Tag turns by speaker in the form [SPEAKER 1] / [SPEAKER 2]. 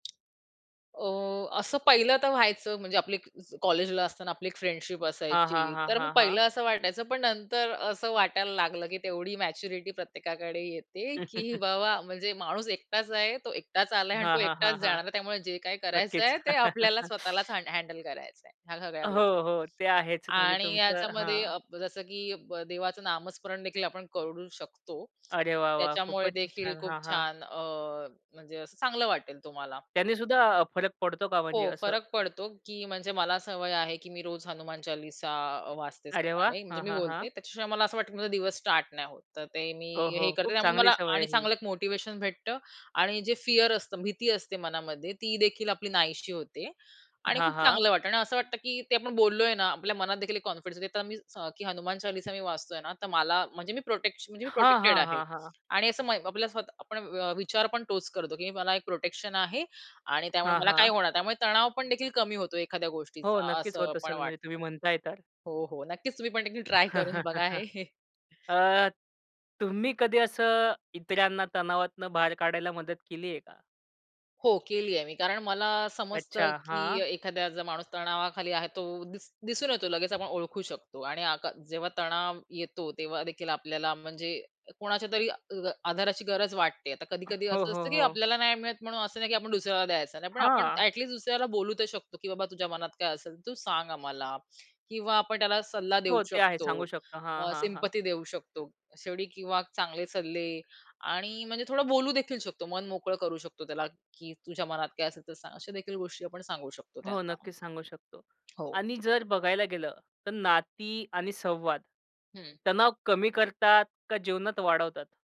[SPEAKER 1] अ, असं पहिलं तर व्हायचं, म्हणजे आपली अ, एक कॉलेजला असताना आपली एक फ्रेंडशिप
[SPEAKER 2] हां, हां,
[SPEAKER 1] असायची,
[SPEAKER 2] हां,
[SPEAKER 1] तर मग
[SPEAKER 2] हां, हां.
[SPEAKER 1] पहिलं असं वाटायचं, पण नंतर असं वाटायला लागलं, की तेवढी मॅच्युरिटी प्रत्येकाकडे येते, की बाबा म्हणजे माणूस एकटाच आहे, तो एकटाच आला आहे अन्
[SPEAKER 2] हां,
[SPEAKER 1] तो
[SPEAKER 2] हां,
[SPEAKER 1] एकटाचं
[SPEAKER 2] हां, हां.
[SPEAKER 1] जाणार आहे. त्यामुळे जे काही
[SPEAKER 2] नक्कीच.
[SPEAKER 1] करायचंय ते आपल्याला स्वतःलाच हँड हँडल करायचंय ह्या सगळ्या
[SPEAKER 2] हो,
[SPEAKER 1] गोष्टी
[SPEAKER 2] हो, ते आहेच. म्हणजे
[SPEAKER 1] आणि
[SPEAKER 2] तुमचं
[SPEAKER 1] याच्यामध्ये
[SPEAKER 2] हां.
[SPEAKER 1] अप जसं की ब देवाचं नामस्मरणदेखील आपण करू शकतो.
[SPEAKER 2] अरे वा! वा! खूपच
[SPEAKER 1] त्याच्यामुळेदेखील
[SPEAKER 2] छान,
[SPEAKER 1] खूप
[SPEAKER 2] हां, हां.
[SPEAKER 1] छान अ, म्हणजे असं चांगलं वाटेल तुम्हाला.
[SPEAKER 2] त्यांनीसुद्धा अ, फरक पडतो का, म्हणजे
[SPEAKER 1] हो,
[SPEAKER 2] असं?
[SPEAKER 1] फरक पडतो की म्हणजे मला सवय आहे की मी रोज हनुमान चालीसा अ, वाचते
[SPEAKER 2] अरे वाह!
[SPEAKER 1] सकाळी, म्हणजे
[SPEAKER 2] हां,
[SPEAKER 1] मी
[SPEAKER 2] हां, हां.
[SPEAKER 1] बोलते. त्याच्याशिवाय मला असं वाटतं की माझा दिवस स्टार्ट नाही होत. तर ते मी
[SPEAKER 2] हो,
[SPEAKER 1] हे
[SPEAKER 2] हो.
[SPEAKER 1] करते.
[SPEAKER 2] खूप
[SPEAKER 1] त्यामुळे मला
[SPEAKER 2] चांगली सवय
[SPEAKER 1] आणि
[SPEAKER 2] आहे ही.
[SPEAKER 1] चांगलं एक मोटिव्हेशन भेटतं आणि जे फिअर असतं, भीती असते मनामध्ये तीदेखील आपली नाहीशी होते आणि
[SPEAKER 2] हां,
[SPEAKER 1] खूप
[SPEAKER 2] हां.
[SPEAKER 1] चांगलं वाटतं आणि असं वाटतं की ते आपण बोललोय ना, आपल्या मनातदेखील एक कॉन्फिडन्स देतं [unintelligible] की हनुमान चालीसा मी वाचतोय ना, तर मला म्हणजे मी प्रोटेक्श म्हणजे मी
[SPEAKER 2] हां,
[SPEAKER 1] प्रोटेक्टेड
[SPEAKER 2] हां,
[SPEAKER 1] आहे
[SPEAKER 2] हां, हां.
[SPEAKER 1] आणि असं मय आपल्या स्वतः आपण व विचार पण तोच करतो, की मला एक प्रोटेक्शन आहे आणि त्यामुळे
[SPEAKER 2] हां,
[SPEAKER 1] मला काही
[SPEAKER 2] हां.
[SPEAKER 1] होणार नाही. त्यामुळे तणाव पण देखील कमी होतो एखाद्या
[SPEAKER 2] हो,
[SPEAKER 1] गोष्टीचा
[SPEAKER 2] नक्कीच
[SPEAKER 1] असं
[SPEAKER 2] होत
[SPEAKER 1] पण
[SPEAKER 2] असेल, म्हणजे
[SPEAKER 1] वाटतं.
[SPEAKER 2] तुम्ही म्हणताय तर.
[SPEAKER 1] हो, हो. नक्कीच. तुम्ही पण देखील ट्राय करून बघा हे.
[SPEAKER 2] अ, तुम्ही कधी असं इतरांना तणावातनं बाहेर काढायला मदत केलीये का?
[SPEAKER 1] हो, केलीये मी. कारण मला समजतं
[SPEAKER 2] अच्छा!
[SPEAKER 1] की
[SPEAKER 2] हां.
[SPEAKER 1] एखादा जर माणूस तणावाखाली आहे तो दि दिसून येतो लगेच. आपण ओळखू शकतो आणि आका जेव्हा तणाव येतो तेव्हादेखील आपल्याला म्हणजे कोणाच्यातरी अ, आधाराची गरज वाटते. आता कधी-कधी
[SPEAKER 2] हो,
[SPEAKER 1] असं
[SPEAKER 2] हो,
[SPEAKER 1] असतं की
[SPEAKER 2] हो.
[SPEAKER 1] आपल्याला नाही मिळत म्हणून असं नाही की आपण दुसऱ्याला द्यायचं नाही. पण आपण
[SPEAKER 2] हां.
[SPEAKER 1] ॲटलीस्ट दुसऱ्याला बोलू तर शकतो, की बाबा तुझ्या मनात काय असेल, तर तू सांग आम्हाला किंवा आपण त्याला सल्ला देऊ
[SPEAKER 2] हो, ते आहे,
[SPEAKER 1] शकतो,
[SPEAKER 2] सांगू शकतो. हां,
[SPEAKER 1] अ,
[SPEAKER 2] हां, हां.
[SPEAKER 1] सिंपथी देऊ शकतो, शेवटी किंवा चांगले सल्ले आणि म्हणजे थोडं बोलूदेखील शकतो. मन मोकळं करू शकतो त्याला, की "तुझ्या मनात काय असेल तर सांग." अशादेखील गोष्टी आपण सांगू शकतो
[SPEAKER 2] हो,
[SPEAKER 1] त्यांना.
[SPEAKER 2] नक्कीच सांगू शकतो
[SPEAKER 1] हो.
[SPEAKER 2] आणि जर बघायला गेलं, तर नाती आणि संवाद
[SPEAKER 1] हं.
[SPEAKER 2] तणाव कमी करतात का जीवनात वाढवतात?